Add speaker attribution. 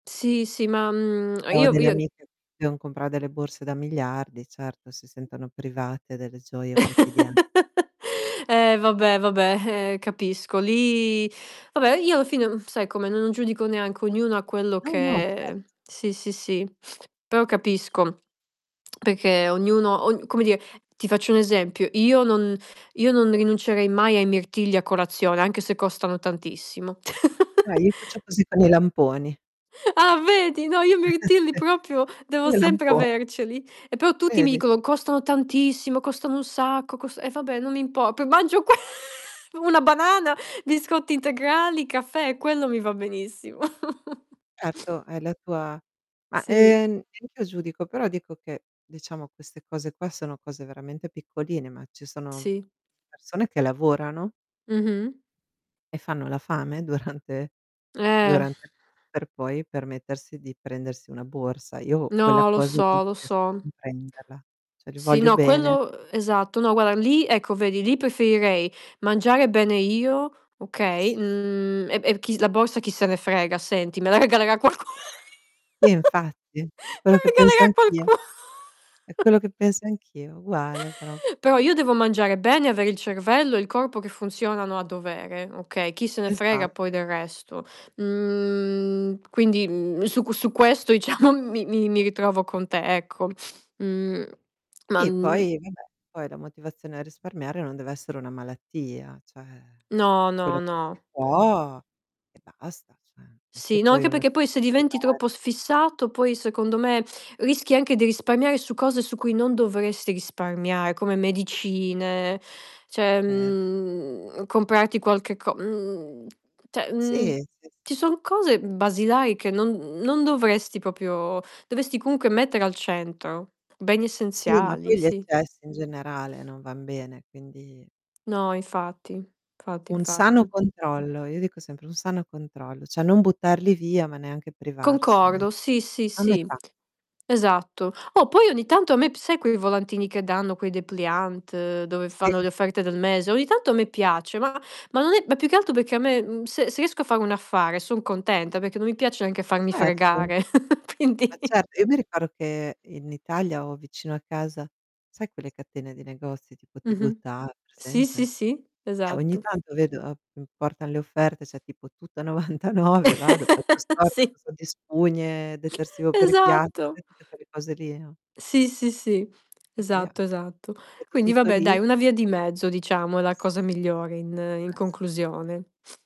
Speaker 1: Sì sì, ma, mhmm,
Speaker 2: Ho
Speaker 1: io
Speaker 2: delle
Speaker 1: io
Speaker 2: amiche che devono comprare delle borse da miliardi, certo si sentono private delle gioie quotidia
Speaker 1: Eh, vabbè vabbè, ehm, capisco lì, vabbè io alla fine, mhmm, sai com'è n non giudico neanche ognuno ha quello
Speaker 2: No no, certo.
Speaker 1: che sì sì sì, però capisco, perché ognuno ognu come dire, ti faccio un esempio, io non io non rinuncerei mai ai mirtilli a colazione anche se costano tantissimo.
Speaker 2: Eh, io faccio così con i lamponi.
Speaker 1: Ah, vedi, no io mirtilli proprio
Speaker 2: Io
Speaker 1: devo
Speaker 2: i
Speaker 1: sempre
Speaker 2: lamponi.
Speaker 1: averceli. E però tutti mi
Speaker 2: Vedi.
Speaker 1: dicono: "Costano tantissimo, costano un sacco, costano" e vabbè non impor p mangio que una banana, biscotti integrali, caffè, quello mi va benissimo.
Speaker 2: Certo, hai la tua ma,
Speaker 1: Sì.
Speaker 2: ehm, neach'io giudico, però dico che, diciamo queste cose qua, sono cose veramente piccoline, ma ci sono
Speaker 1: Sì.
Speaker 2: persone che lavorano
Speaker 1: Mh-mh.
Speaker 2: e fanno la fame durante
Speaker 1: Eh.
Speaker 2: durante il mese per poi permettersi di prendersi una borsa. Io quella
Speaker 1: No, lo
Speaker 2: cosa lì non
Speaker 1: so lo
Speaker 2: riesco a
Speaker 1: so.
Speaker 2: comprenderla, cioè li
Speaker 1: Sì
Speaker 2: voglio
Speaker 1: no
Speaker 2: bene,
Speaker 1: quello,
Speaker 2: [unintelligible]
Speaker 1: ehm, esatto. No guarda lì ecco vedi lì preferirei mangiare bene io, okay?
Speaker 2: Si.
Speaker 1: Mhmm, e e chi s la borsa chi se ne frega senti, me la regalerà qualcuno.
Speaker 2: Sì infatti, è
Speaker 1: Me
Speaker 2: quello
Speaker 1: la
Speaker 2: che penso
Speaker 1: regalerà
Speaker 2: anch'io,
Speaker 1: qualcuno.
Speaker 2: è quello che penso anch'io, uguale pro
Speaker 1: Però io devo mangiare bene, avere il cervello e il corpo che funzionano a dovere okay. Chi se ne frega
Speaker 2: Esa
Speaker 1: poi del resto. Mhmm, quindi, mhmm, su qu su questo diciamo mi mi mi ritrovo con te ecco. Mhmm, ma,
Speaker 2: Sì
Speaker 1: mhmm
Speaker 2: poi vabbè, poi la motivazione a risparmiare non deve essere una malattia, cioè
Speaker 1: No
Speaker 2: quello
Speaker 1: no
Speaker 2: che si
Speaker 1: no.
Speaker 2: può e basta, cioè non è che
Speaker 1: Sì no
Speaker 2: poi
Speaker 1: anche
Speaker 2: uno si
Speaker 1: perché poi
Speaker 2: deve
Speaker 1: se diventi troppo
Speaker 2: privare.
Speaker 1: s fissato poi secondo me rischi anche di risparmiare su cose su cui non dovresti risparmiare come medicine, cioè
Speaker 2: Cer
Speaker 1: mhmm comprarti qualche co mhmm, cioè,
Speaker 2: Si,
Speaker 1: mhmm,
Speaker 2: si si.
Speaker 1: ci sono cose basilari che non non dovresti proprio dovresti comunque mettere al centro. Beni
Speaker 2: Sì, ma
Speaker 1: essenziali,
Speaker 2: poi gli
Speaker 1: sì.
Speaker 2: eccessi in generale non van bene, quindi
Speaker 1: No, infatti, fatti,
Speaker 2: Un sano
Speaker 1: infatti.
Speaker 2: controllo, io dico sempre un sano controllo, cioè non buttarli via ma neanche privarsene.
Speaker 1: Concordo, sì, sì,
Speaker 2: A
Speaker 1: sì,
Speaker 2: metà.
Speaker 1: esatto. Oh, poi ogni tanto a me p sai quei volantini che danno, quei depliant, dove fanno
Speaker 2: Sì.
Speaker 1: le offerte del mese? Ogni tanto a me piace, ma ma non è ma più che altro perché a me, mhmm, se se riesco a fare un affare son contenta, perché non mi piace neanche farmi
Speaker 2: Ma certo,
Speaker 1: fregare.
Speaker 2: ma
Speaker 1: Quindi.
Speaker 2: certo. Io mi ricordo che in Italia, ho vicino a casa, sai quelle catene di negozi tipo
Speaker 1: Mh-mh.
Speaker 2: Tigotà,
Speaker 1: Sì sì
Speaker 2: presente?
Speaker 1: sì,
Speaker 2: Eh, ogni
Speaker 1: esatto.
Speaker 2: tanto vedo, portano le offerte, c'è tipo tutto a 99 vado, faccio scorta
Speaker 1: Si.
Speaker 2: [unintelligible] di spugne, detersivo per i piatti,
Speaker 1: Esatto.
Speaker 2: sai tutte quelle cose lì no?
Speaker 1: Sì sì sì.
Speaker 2: E via,
Speaker 1: Esatto, esatto.
Speaker 2: vedo
Speaker 1: Quindi
Speaker 2: tutto
Speaker 1: vabbè
Speaker 2: lì.
Speaker 1: dai, una via di mezzo diciamo è la cosa
Speaker 2: sì.
Speaker 1: migliore in in
Speaker 2: Ma, sì.
Speaker 1: conclusione.